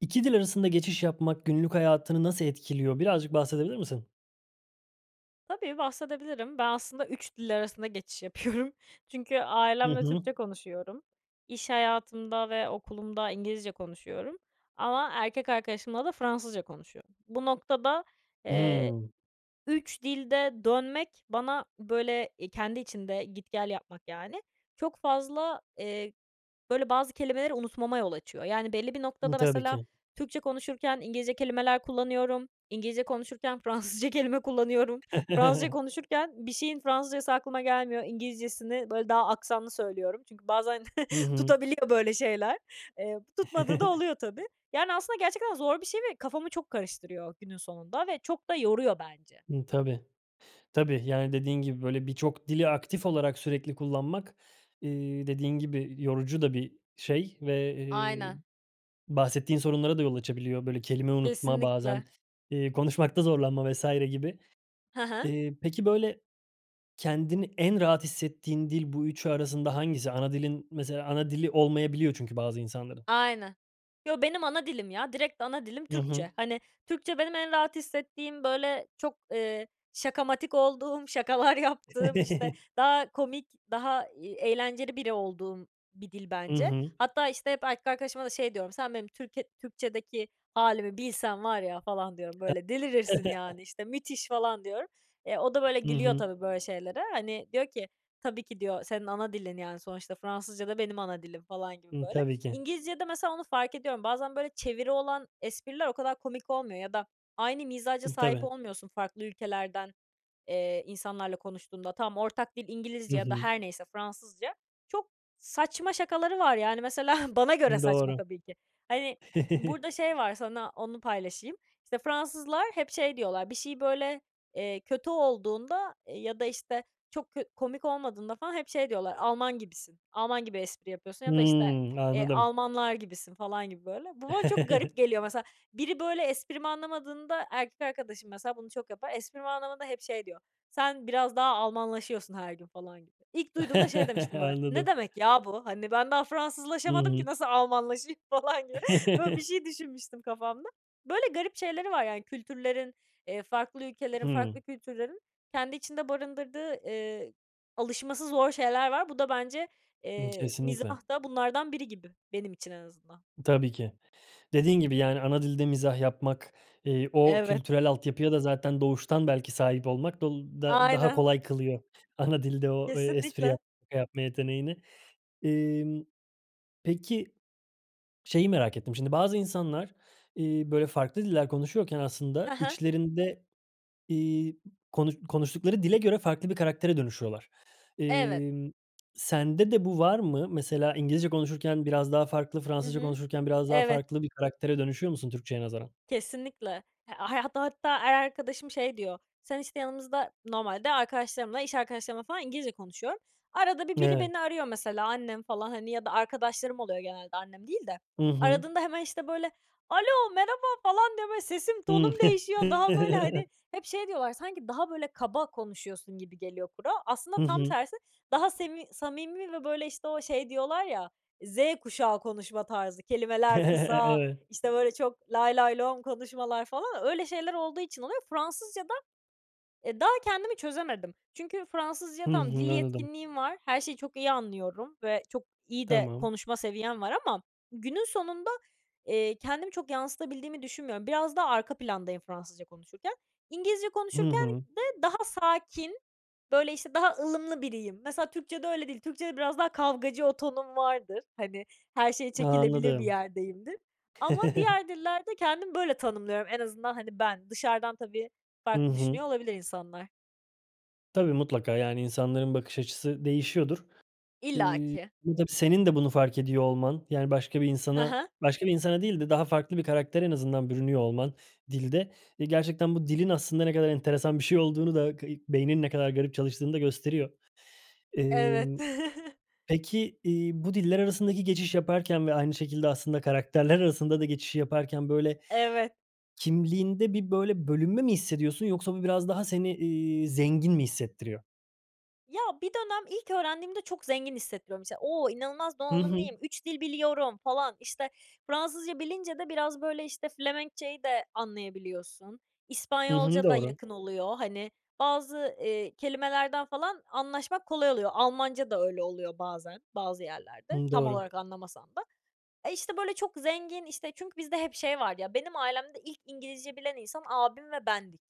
2 dil arasında geçiş yapmak günlük hayatını nasıl etkiliyor? Birazcık bahsedebilir misin? Tabii, bahsedebilirim. Ben, aslında 3 dil arasında geçiş yapıyorum. Çünkü Hı ailemle hı. Türkçe konuşuyorum. İş hayatımda ve okulumda İngilizce konuşuyorum ama erkek arkadaşımla da Fransızca konuşuyorum. Bu noktada, eee, Hımm. 3 dilde dönmek bana, böyle, eee, kendi içinde git gel yapmak, yani, çok fazla, eee, böyle, bazı kelimeleri unutmama yol açıyor. Yani, belli bir Hı, noktada tabii mesela ki. Türkçe konuşurken İngilizce kelimeler kullanıyorum. İngilizce konuşurken Fransızca kelime kullanıyorum. Fransızca konuşurken bir şeyin Fransızcası aklıma gelmiyor, İngilizcesini, böyle, daha aksanlı söylüyorum. Çünkü bazen Hı hı. tutabiliyor böyle şeyler. Eee, tutmadığı da oluyor tabii. Yani, aslında gerçekten zor bir şey ve kafamı çok karıştırıyor günün sonunda ve çok da yoruyor bence. Hı, tabii, tabii. Yani, dediğin gibi, böyle, birçok dili aktif olarak sürekli kullanmak, eee, dediğin gibi yorucu da bir şey ve, eee, Aynen. bahsettiğin sorunlara da yol açabiliyor. Böyle, kelime unutma, Kesinlikle. bazen, iii, konuşmakta zorlanma vs. gibi. Hı hı. Eee, peki, böyle, kendini en rahat hissettiğin dil bu 3'ü arasında hangisi? Ana dilin mesela ana dili olmayabiliyor çünkü bazı insanların. Aynen. Yo, benim ana dilim ya, direkt ana dilim Hı hı. Türkçe. Hani, Türkçe benim en rahat hissettiğim, böyle, çok, eee, şakamatik olduğum, şakalar yaptığım, işte, daha komik, daha, iii, eğlenceli biri olduğum bir dil Hı bence. hı. Hatta, işte, hep erkek arkadaşıma da şey diyorum: "Sen, benim Türkiye Türkçedeki hâlimi bilsen var ya." falan diyorum, H "Böyle, delirirsin, yani, işte, müthiş!" falan diyorum. E, o da, böyle, Hı gülüyor hı. tabii böyle şeylere. Hani, diyor ki "Tabii ki." diyor, "Senin ana dilin, yani, sonuçta Fransızca da benim ana dilim." falan gibi, Hı, böyle. tabii ki. İngilizcede mesela onu fark ediyorum. Bazen, böyle, çeviri olan espriler o kadar komik olmuyor ya da aynı mizaca sahip Tabii. olmuyorsun farklı ülkelerden, eee, insanlarla konuştuğunda. Tamam, ortak dil Hı İngilizce ya da hı. her neyse, Fransızca. Çok saçma şakaları var, yani, mesela bana göre saçma Doğru. tabii ki. Hani, burada şey var, sana onu paylaşayım. İşte, Fransızlar hep şey diyorlar. Bir şey böyle, eee, kötü olduğunda ya da, işte, çok kö komik olmadığında falan hep şey diyorlar, "Alman gibisin. Alman gibi espri yapıyorsun." ya da, işte, Hıı, eee, anladım. "Almanlar gibisin." falan gibi, böyle. Bu bana çok garip geliyor, mesela. Biri, böyle, esprimi anlamadığında, erkek arkadaşım mesela bunu çok yapar, esprimi anlamadığında hep şey diyor: "Sen biraz daha Almanlaşıyorsun her gün." falan gibi. İlk duyduğumda şey demiştim böyle, "Ne Anladım. demek ya bu?" Hani, ben daha Hı Fransızlaşamadım hı. ki nasıl Almanlaşayım falan gibi. Böyle bir şey düşünmüştüm kafamda. Böyle garip şeyleri var, yani, kültürlerin, eee, farklı ülkelerin, Hıı. farklı kültürlerin kendi içinde barındırdığı, eee, alışması zor şeyler var. Bu da bence, Hı, eee, kesinlikle. mizah da bunlardan biri gibi, benim için en azından. Tabii ki. Dediğin gibi, yani, ana dilde mizah yapmak, eee, o Evet. kültürel altyapıya da zaten doğuştan belki sahip olmak dol da daha Aynen. kolay kılıyor ana dilde o, eee, espri Kesinlikle. yap şaka yapma yeteneğini. Emm, peki, şeyi merak ettim; şimdi bazı insanlar, iii, böyle, farklı diller konuşuyorken Ha aslında ha. içlerinde, iii, konuş konuştukları dile göre farklı bir karaktere dönüşüyorlar. Evet. Emm, sende de bu var mı? Mesela İngilizce konuşurken biraz daha farklı, Hı Fransızca hı. konuşurken biraz daha Evet. farklı bir karaktere dönüşüyor musun Türkçeye nazaran? Kesinlikle. H a hatta hatta her arkadaşım şey diyor: "Sen, işte, yanımızda" Normalde arkadaşlarımla, iş arkadaşlarımla falan İngilizce konuşuyorum. Arada bir biri Evet. beni arıyor mesela annem falan, hani, ya da arkadaşlarım oluyor genelde, annem değil de. Hı hı. Aradığında hemen, işte, böyle, "Alo, merhaba." falan diye, böyle, sesim, Hımm. tonum değişiyor. Daha böyle, hani hep şey diyorlar: "Sanki daha, böyle, kaba konuşuyorsun gibi geliyor kulağa." Aslında Hı tam hı. tersi. Daha semi samimi ve, böyle, işte, o şey diyorlar ya, Z kuşağı konuşma tarzı. Kelimeler kısa, Evet. işte, böyle, çok lay lay lom konuşmalar falan. Öyle şeyler olduğu için oluyor. Fransızca da, eee, daha kendimi çözemedim. Çünkü Fransızca Hı tamam, dil hı. Anladım. yetkinliğim var. Her şeyi çok iyi anlıyorum ve çok iyi de Tamam. konuşma seviyem var ama günün sonunda, eee, kendimi çok yansıtabildiğimi düşünmüyorum. Biraz daha arka plandayım Fransızca konuşurken. İngilizce Hı konuşurken hı. de daha sakin, böyle, işte, daha ılımlı biriyim. Mesela Türkçede öyle değil. Türkçede biraz daha kavgacı o tonum vardır, hani, her şeye çekilebilir bir Anladım. yerdeyimdir. Ama diğer dillerde kendimi böyle tanımlıyorum en azından, hani, ben. Dışarıdan tabii Hı farklı hı. düşünüyor olabilir insanlar. Tabii, mutlaka. Yani, insanların bakış açısı değişiyordur. Eee, İllaki. tabii senin de bunu fark ediyor olman, yani, başka bir Hı insana, hı. başka bir insana değil de daha farklı bir karaktere en azından bürünüyor olman dilde, eee, gerçekten bu dilin aslında ne kadar enteresan bir şey olduğunu da, kayık beyninin ne kadar garip çalıştığını da gösteriyor. Evet. Emm, peki, iii, bu diller arasındaki geçiş yaparken ve aynı şekilde aslında karakterler arasında da geçişi yaparken, böyle, Evet. kimliğinde bir, böyle, bölünme mi hissediyorsun yoksa bu biraz daha seni, iii, zengin mi hissettiriyor? Ya, bir dönem ilk öğrendiğimde çok zengin hissettiriyor, mesela. "O! inanılmaz Hı hı. donanımlıyım, 3 dil biliyorum." falan. İşte, Fransızca bilince de biraz, böyle, işte, Felemenkçe'yi de anlayabiliyorsun. Hı hı. İspanyolca da Doğru. yakın oluyor, hani, bazı, eee, kelimelerden falan anlaşmak kolay oluyor. Almanca da öyle oluyor bazen, bazı yerlerde, Hımm. tam Doğru. olarak anlamasan da. E, işte, böyle, çok zengin, işte, çünkü bizde hep şey var ya benim ailemde ilk İngilizce bilen insan abim ve bendik.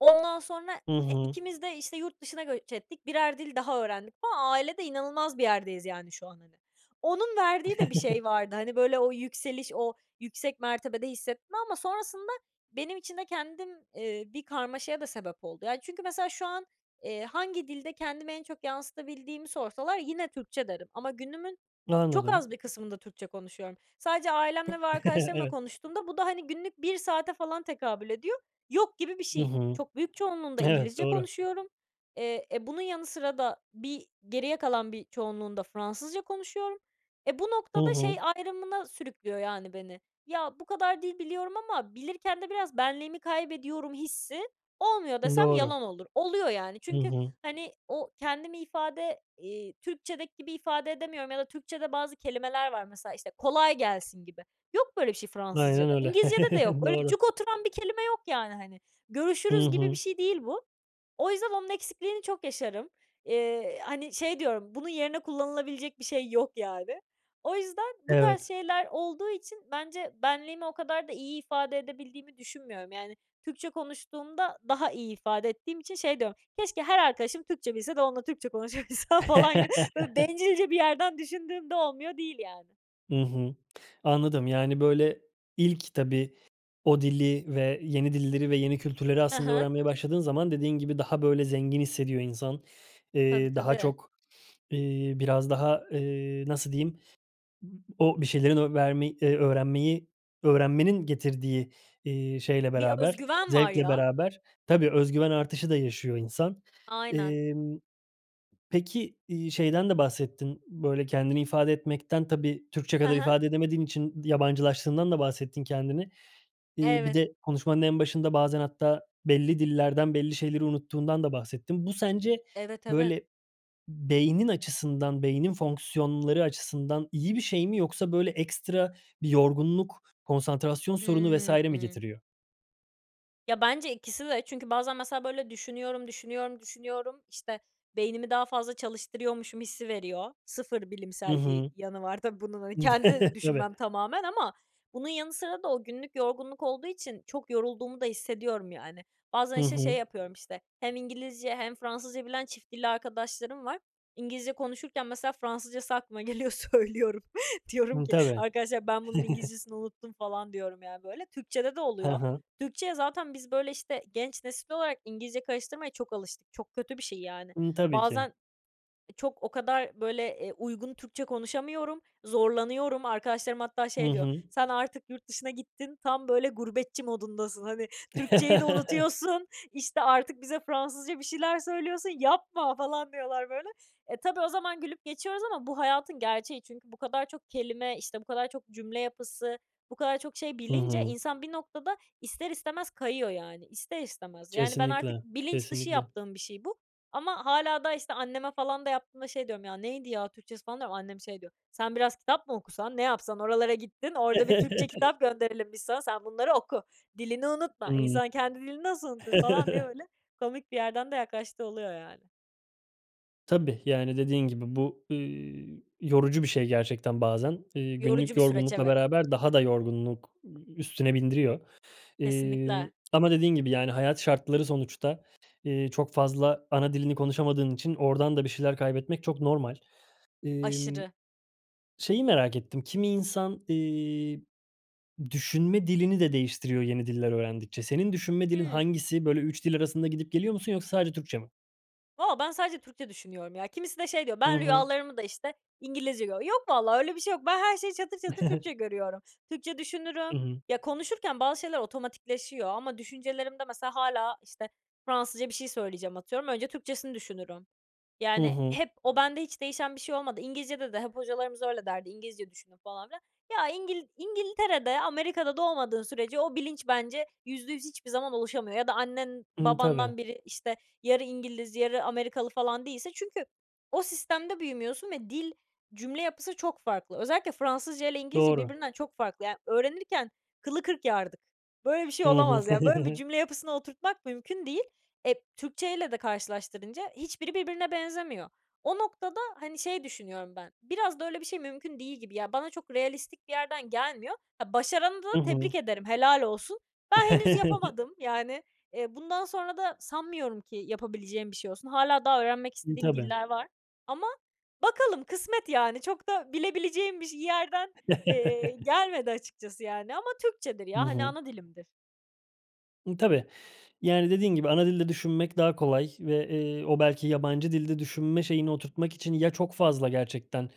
Ondan sonra Hı e, hı. ikimiz de, işte, yurt dışına göç ettik, 1'er dil daha öğrendik falan. Ailede inanılmaz bir yerdeyiz, yani, şu an, hani. Onun verdiği de bir şey vardı, hani, böyle, o yükseliş, o yüksek mertebede hissetme. Ama sonrasında benim için de kendim, ııı, bir karmaşaya da sebep oldu. Yani, çünkü mesela, şu an, eee, hangi dilde kendimi en çok yansıtabildiğimi sorsalar yine Türkçe derim. Ama günümün çok Anladım. az bir kısmında Türkçe konuşuyorum. Sadece ailemle ve arkadaşlarımla Evet. konuştuğumda bu da, hani, günlük 1 saate falan tekabül ediyor. Yok gibi bir Hı şey. hı. Çok büyük çoğunluğunda Evet. İngilizce Doğru. konuşuyorum. Eee, e, bunun yanı sıra da bir geriye kalan bir çoğunluğunda Fransızca konuşuyorum. E, bu Hı noktada şey hı. ayrımına sürüklüyor, yani, beni; ya, bu kadar dil biliyorum ama bilirken de biraz benliğimi kaybediyorum hissi olmuyor desem, Doğru. yalan olur. Oluyor yani. Hı Çünkü, hı. hani, o kendimi ifade, iii, Türkçedeki gibi ifade edemiyorum ya da Türkçede bazı kelimeler var mesela, işte, "Kolay gelsin." gibi. Yok böyle bir şey Aynen Fransızcada. öyle. İngilizcede de yok. Öyle Doğru. cuk oturan bir kelime yok, yani, hani. Hı "Görüşürüz." gibi bir hı. şey değil bu. O yüzden onun eksikliğini çok yaşarım. Eee, hani, şey diyorum, bunun yerine kullanılabilecek bir şey yok, yani. O yüzden bu tarz Evet. şeyler olduğu için bence benliğimi o kadar da iyi ifade edebildiğimi düşünmüyorum, yani. Türkçe konuştuğumda daha iyi ifade ettiğim için şey diyorum, "Keşke her arkadaşım Türkçe bilse de onunla Türkçe konuşabilsem." falan gibi. Böyle bencilce bir yerden düşündüğümde olmuyor değil, yani. Hı hı. Anladım. Yani, böyle, ilk tabii, o dili ve yeni dilleri ve yeni kültürleri Hı aslında hı. öğrenmeye başladığın zaman dediğin gibi daha böyle zengin hissediyor insan. Tabii, Eee, daha tabii. çok, iii, biraz daha, eee, nasıl diyeyim, o bir şeyleri o vermey eee, öğrenmeyi öğrenmenin getirdiği, iii, şeyle Bir öz beraber, güven var zevkle ya. beraber tabii öz güven artışı da yaşıyor insan. Aynen. Emm, peki, iii, şeyden de bahsettin, böyle, kendini ifade etmekten, tabii Türkçe Hı kadar hı. ifade edemediğin için yabancılaştığından da bahsettin kendini. İii, bir Evet. de konuşmanın en başında bazen hatta belli dillerden belli şeyleri unuttuğundan da bahsettin. Bu sence, Evet, evet. böyle, beynin açısından, beynin fonksiyonları açısından iyi bir şey mi yoksa, böyle, ekstra bir yorgunluk, konsantrasyon sorunu vs. mi Hıı. getiriyor? Ya, bence ikisi de çünkü bazen mesela, böyle, düşünüyorum, düşünüyorum, düşünüyorum, işte, beynimi daha fazla çalıştırıyormuşum hissi veriyor. Sıfır Hı bilimsel bir hı. yanı var tabii bunun, hani, kendi Tabii. düşünmem tamamen ama bunun yanı sıra da o günlük yorgunluk olduğu için çok yorulduğumu da hissediyorum, yani. Bazen, Hı işte, şey hı. yapıyorum, işte, hem İngilizce hem Fransızca bilen çift dilli arkadaşlarım var. İngilizce konuşurken mesela Fransızcası aklıma geliyor, söylüyorum. Diyorum Hı, ki: tabii. "Arkadaşlar, ben bunun İngilizcesini unuttum" falan diyorum ya, böyle. Türkçede de Ha oluyor. ha. Türkçeye zaten biz, böyle, işte, genç nesil olarak İngilizce karıştırmaya çok alıştık. Çok kötü bir şey, yani. Hı, tabii ki. Bazen e çok o kadar, böyle, eee, uygun Türkçe konuşamıyorum, zorlanıyorum. Arkadaşlarım hatta Hı şey diyor: hı. "Sen artık yurt dışına gittin, tam, böyle, gurbetçi modundasın. Hani, Türkçeyi de unutuyorsun işte, artık bize Fransızca bir şeyler söylüyorsun. Yapma!" falan diyorlar böyle. E, tabii o zaman gülüp geçiyoruz ama bu hayatın gerçeği. Çünkü bu kadar çok kelime, işte, bu kadar çok cümle yapısı, bu kadar çok şey Hı bilince, hı. insan bir noktada ister istemez kayıyor, yani. İster istemez. Yani, ben artık Kesinlikle, bilinç dışı kesinlikle. yaptığım bir şey bu ama hâlâ daha, işte, anneme falan da yaptığımda şey diyorum: "Ya, neydi ya Türkçesi?" falan diyorum. Annem şey diyor: "Sen biraz kitap mı okusan, ne yapsan? Oralara gittin, orada bir Türkçe kitap gönderelim biz sana, sen bunları oku! Dilini unutma! Hımm. İnsan kendi dilini nasıl unutur?!" falan diye böyle komik bir yerden de yaklaştığı oluyor yani. Tabii, yani, dediğin gibi bu, ııı, yorucu bir şey, gerçekten, bazen. Eee, Yorucu günlük bir süreç, yorgunlukla evet. beraber daha da yorgunluk üstüne bindiriyor, eee, Kesinlikle. ama dediğin gibi, yani, hayat şartları, sonuçta, ııı, çok fazla ana dilini konuşamadığın için oradan da bir şeyler kaybetmek çok normal. Emm, Aşırı. şeyi merak ettim, kimi insan, iii, düşünme dilini de değiştiriyor yeni diller öğrendikçe. Senin düşünme dilin Hıı. hangisi? Böyle, 3 dil arasında gidip geliyor musun yoksa sadece Türkçe mi? Valla ben sadece Türkçe düşünüyorum, ya. Kimisi de şey, diyor: Hı "Ben hı. rüyalarımı da işte, İngilizce görüyorum." Yok vallahi öyle bir şey yok. Ben her şeyi çatır çatır Türkçe görüyorum. Türkçe Hı düşünürüm. hı. Ya, konuşurken bazı şeyler otomatikleşiyor ama düşüncelerimde, mesela, hâlâ, işte, Fransızca bir şey söyleyeceğim, atıyorum. Önce Türkçesini düşünürüm. Hı Yani, hı. hep o bende hiç değişen bir şey olmadı. İngilizcede de hep hocalarımız öyle derdi: "İngilizce düşünün," falan filan. Ya, İngil İngiltere'de, Amerika'da doğmadığın sürece o bilinç, bence, %100 hiçbir zaman oluşamıyor. Ya da annen Hıı. Tabii. babandan biri, işte, yarı İngiliz yarı Amerikalı, falan, değilse. Çünkü o sistemde büyümüyorsun ve dil cümle yapısı çok farklı. Özellikle Fransızca ile İngilizce Doğru. birbirinden çok farklı. Ya, öğrenirken kılı kırk yardık. Böyle bir şey Hı hı. olamaz ya. Böyle bir cümle yapısını oturtmak mümkün değil. Eee, Türkçeyle de karşılaştırınca hiçbiri birbirine benzemiyor. O noktada, hani, şey, düşünüyorum ben. Biraz da öyle bir şey mümkün değil gibi. Ya bana çok realistik bir yerden gelmiyor. Ha, başaranı da Hı tebrik hı. ederim. Helal olsun. Ben henüz yapamadım. Yani, eee, bundan sonra da sanmıyorum ki yapabileceğim bir şey olsun. Hâlâ daha öğrenmek Hıı. istediğim Tabii. diller var ama bakalım, kısmet, yani. Çok da bilebileceğim biş bir yerden, ııı, gelmedi, açıkçası, yani, ama Türkçedir, Hı ya. Hani, hı. ana dilimdir. Imm, tabii, yani, dediğin gibi ana dilde düşünmek daha kolay ve, eee, o belki yabancı dilde düşünme şeyini oturtmak için ya çok fazla, gerçekten,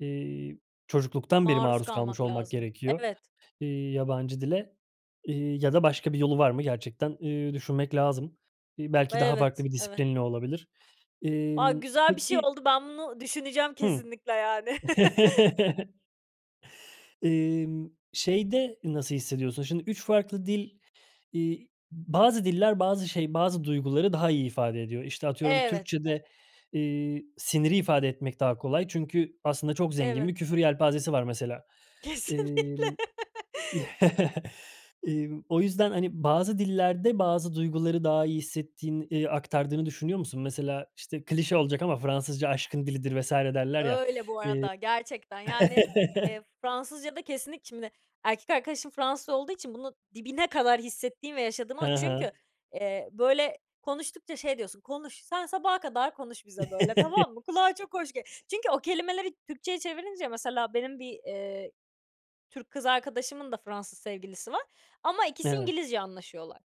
eee, çocukluktan beri Maruz maruz kalmış kalmak olmak lazım. gerekiyor, Evet. eee, yabancı dile, iii, ya da başka bir yolu var mı, gerçekten, iii, düşünmek lazım. İii, belki daha farklı Evet, bir evet. disiplinle olabilir. A, Emm, güzel bir şey peki oldu! Ben bunu düşüneceğim hıı, kesinlikle, yani. Emm, şeyde, nasıl hissediyorsun? Şimdi, 3 farklı dil iii, bazı diller bazı şey bazı duyguları daha iyi ifade ediyor. İşte, atıyorum, Evet. Türkçede, eee, siniri ifade etmek daha kolay çünkü aslında çok zengin Evet. bir küfür yelpazesi var mesela. Kesinlikle. Emm emm, o yüzden, hani, bazı dillerde bazı duyguları daha iyi hissettiğin eee, aktardığını düşünüyor musun? Mesela, işte klişe olacak ama Fransızca aşkın dilidir vs. derler ya, Öyle bu eee arada. Gerçekten, yani, eee, Fransızcada kesinlik şimdi, erkek arkadaşım Fransız olduğu için bunu dibine kadar hissettiğim ve yaşadım Ha a çünkü, ha. eee, böyle konuştukça şey, diyorsun, "Konuş, sen sabaha kadar konuş bize böyle, tamam mı?" Kulağa çok hoş g çünkü o kelimeleri Türkçeye çevirince mesela, benim bir, eee, Türk kız arkadaşımın da Fransız sevgilisi var. Ama ikisi Evet. İngilizce anlaşıyorlar.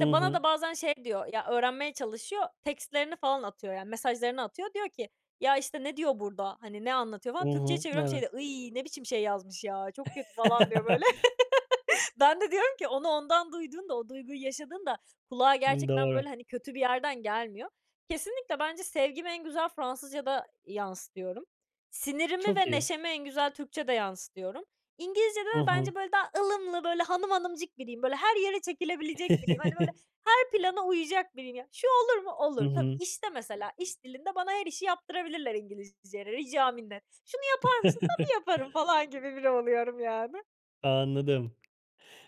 Hı bana hı. da bazen, şey, diyor. Ya, öğrenmeye çalışıyor. Tekstlerini falan atıyor yani mesajlarını atıyor. Diyor ki: "Ya, işte, ne diyor burada, hani, ne anlatıyor?" Hı falan. Türkçeye hı, çeviriyorum, şey evet. diyor, "Iyy, ne biçim şey yazmış ya, çok kötü." falan diyor, böyle. Ben de diyorum ki: "Onu ondan duyduğunda, o duyguyu yaşadığında kulağa, Hı, gerçekten, böyle, doğru. hani, kötü bir yerden gelmiyor." Kesinlikle, bence sevgimi en güzel Fransızcada yansıtıyorum. Sinirimi Çok ve iyi. neşemi en güzel Türkçede yansıtıyorum. İngilizcede Hı de hı. bence, böyle, daha ılımlı, böyle, hanım hanımcık biriyim. Böyle, her yere çekilebilecek biriyim. Hani, böyle, her plana uyacak biriyim ya. "Şu olur mu?" Hı "Olur." Tabii, hı. işte mesela, iş dilinde bana her işi yaptırabilirler İngilizceyle rica minnet. "Şunu yapar mısın?" "Tabii, yaparım." falan gibi biri oluyorum yani. Anladım.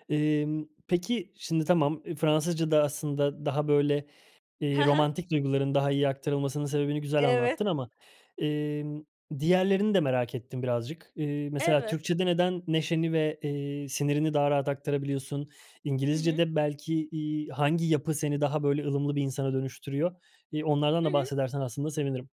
Emm, peki, şimdi, tamam, eee, Fransızcada aslında daha, böyle, He eee, he. romantik duyguların daha iyi aktarılmasının sebebini güzel Evet. anlattın ama, emm, diğerlerini de merak ettim birazcık. Eee, mesela Evet. Türkçede neden neşeni ve, eee, sinirini daha rahat aktarabiliyorsun? Hı hı. İngilizcede belki, iii, hangi yapı seni daha böyle ılımlı bir insana dönüştürüyor? İii, onlardan Hı da hı. bahsedersen aslında sevinirim.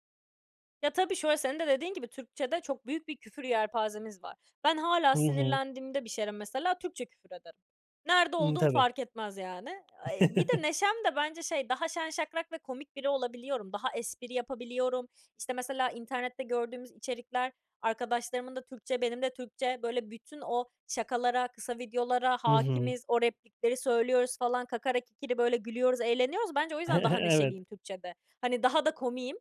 Ya, tabii şöyle, senin de dediğin gibi, Türkçede çok büyük bir küfür yelpazemiz var. Ben hâlâ Hı hı. sinirlendiğimde bir şeylere mesela Türkçe küfür ederim. Nerede Imm, olduğum tabii. fark etmez, yani. Eee, bir de neşem de bence şey, daha şen şakrak ve komik biri olabiliyorum. Daha espri yapabiliyorum. İşte, mesela internette gördüğümüz içerikler, arkadaşlarımın da Türkçe, benim de Türkçe, böyle bütün o şakalara, kısa videolara Hı hı. hâkimiz. O replikleri söylüyoruz falan. Kakara kikiri böyle gülüyoruz, eğleniyoruz. Bence o yüzden daha Evet. neşeliyim Türkçede. Hani daha da komiğim.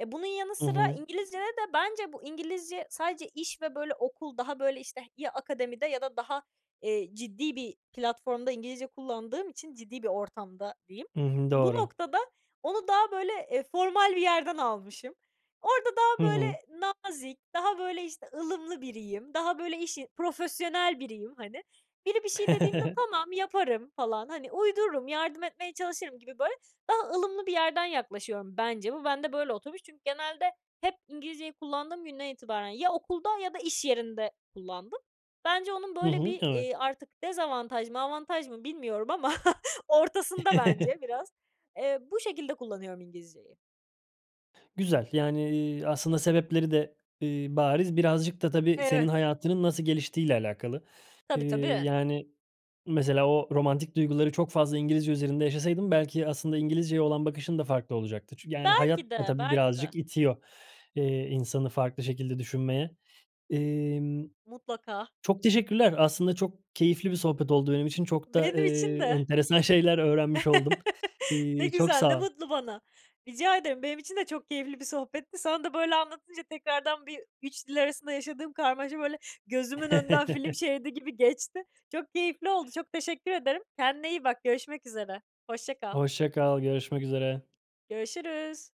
E, bunun yanı Hı sıra hı. İngilizcede de bence bu İngilizce sadece iş ve, böyle, okul daha, böyle, işte, ya akademide ya da daha, eee, ciddi bir platformda İngilizce kullandığım için ciddi bir ortamda diyeyim. I hı, Bu doğru. noktada onu daha, böyle, eee, formal bir yerden almışım. Orada Hı daha, böyle, hı. nazik, daha, böyle, işte, ılımlı biriyim, daha böyle işi profesyonel biriyim, hani. Biri bir şey dediğinde, "Tamam, yaparım." falan. Hani, uydururum, yardım etmeye çalışırım gibi böyle daha ılımlı bir yerden yaklaşıyorum. Bence bu bende böyle oturmuş çünkü genelde hep İngilizceyi kullandığım günden itibaren ya okulda ya da iş yerinde kullandım. Bence onun I böyle hı, bir, evet. eee, artık dezavantaj mı avantaj mı bilmiyorum ama ortasında bence biraz. Eee, bu şekilde kullanıyorum İngilizceyi. Güzel. Yani, iii, aslında sebepleri de, iii, bariz. Birazcık da tabii senin Evet. hayatının nasıl geliştiğiyle alakalı. Eee, Tabii, tabii. yani mesela o romantik duyguları çok fazla İngilizce üzerinde yaşasaydın belki aslında İngilizceye olan bakışın da farklı olacaktı. Çü yani hayat Belki da de, tabii belki de. birazcık itiyor, eee, insanı farklı şekilde düşünmeye. Emm, Mutlaka. çok teşekkürler. Aslında çok keyifli bir sohbet oldu benim için. Çok da, Benim için eee, de. enteresan şeyler öğrenmiş oldum. Ne İii, çok güzel, ne sağ ol. mutlu bana! Rica ederim. Benim için de çok keyifli bir sohbetti. Sana da böyle anlatınca tekrardan bir 3 dil arasında yaşadığım karmaşa, böyle, gözümün önünden film şeridi gibi geçti. Çok keyifli oldu, çok teşekkür ederim. Kendine iyi bak, görüşmek üzere. Hoşça kal. Hoşça kal, görüşmek üzere. Görüşürüz.